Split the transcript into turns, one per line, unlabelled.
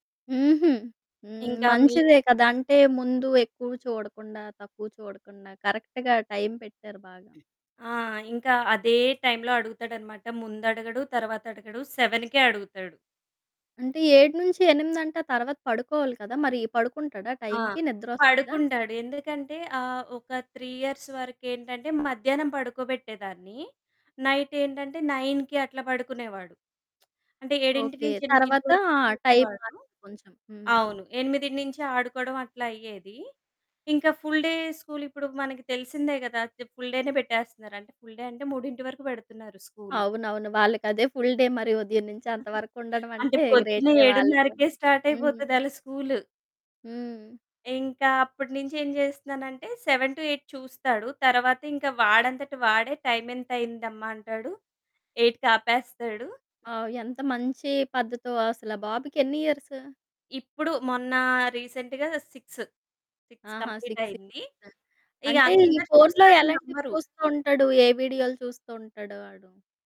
హుహూ. హ్మ్.
ఇంకా మీ
మంచిదే కదా! అంటే ముందు ఎక్కువ చూడకుండా తక్కువ చూడకుండా కరెక్ట్‌గా టైమ్ పెట్టారు బాగా.
ఆ! ఇంకా అదే టైమ్‌లో అడుగుతాడనమాట. ముందడగడు తర్వాత అడగడు. 7కే అడుగుతాడు.
అంటే 7 నుంచి ఎనిమిదంటే ఆ తర్వాత పడుకోవాలి కదా! మరి పడుకుంటాడ
ఆ!
టైమ్‌కి నిద్రొస్తదా?
పడుకుంటాడు. ఎందుకంటే ఆహ్, ఒక 3 ఇయర్స్ వరకేంటంటే మధ్యాహ్నం పడుకోబెట్టేదాన్ని. నైటేంటంటే 9కి అట్లా పడుకునేవాడు. అంటే ఏడింటి
ఓకే.
నుంచి ఎనిమిదింటి
తర్వాత
వరకు
టైమ్
చూసేవాడు.
మారింది కొంచెం. హ్మ్.
అవును. ఎనిమిదినించి ఆడుకోవడం అట్లా అయ్యేది. ఇంక ఫుల్‌ డే స్కూల్ ఇప్పుడు మనకి తెలిసిందే కదా! ఫుల్ డేనే పెట్టేస్తున్నారు అంటే, ఫుల్ డే అంటే 3 వరకు పెడుతున్నారు స్కూలు.
అవునవును. వాళ్ళకదే ఫుల్ డే మరి. ఉదయం నుంచి అంత వరకు ఉండడం
అంటే
అంటే
పొద్దున్న
గ్రేటే వాళ్ళ‌కూడ.
7:౩౦కే
హ్మ్.
స్టార్టయిపోతది ఆళ్ళ స్కూలు.
హ్మ్.
ఇంకా అప్పటి నుంచి ఏం చేస్తున్నానంటే 7-8 చూస్తాడు. తర్వాత ఇంక వాడంతట వాడే టైమెంతయిందమ్మా అంటాడు. ఎయిట్‌కాపేస్తాడు.
ఆ! ఎంత మంచి పద్ధతో. అసలా బాబుకెన్ని ఇయర్సు?
ఇప్పుడు మొన్న రీసెంట్‌గా సిక్సు, 6
ఆహా!
కంప్లీట్
సిక్స్
అయింది.
ఇయర్స్,
ఇక
అంటే ఈ
అందరు
ఫోన్‌లో
చూసిన
ఎలాంటివి
నమ్మరు.
చూస్తూ ఉంటాడు? ఏ వీడియో‌లు చూస్తూ ఉంటాడు ఆడు?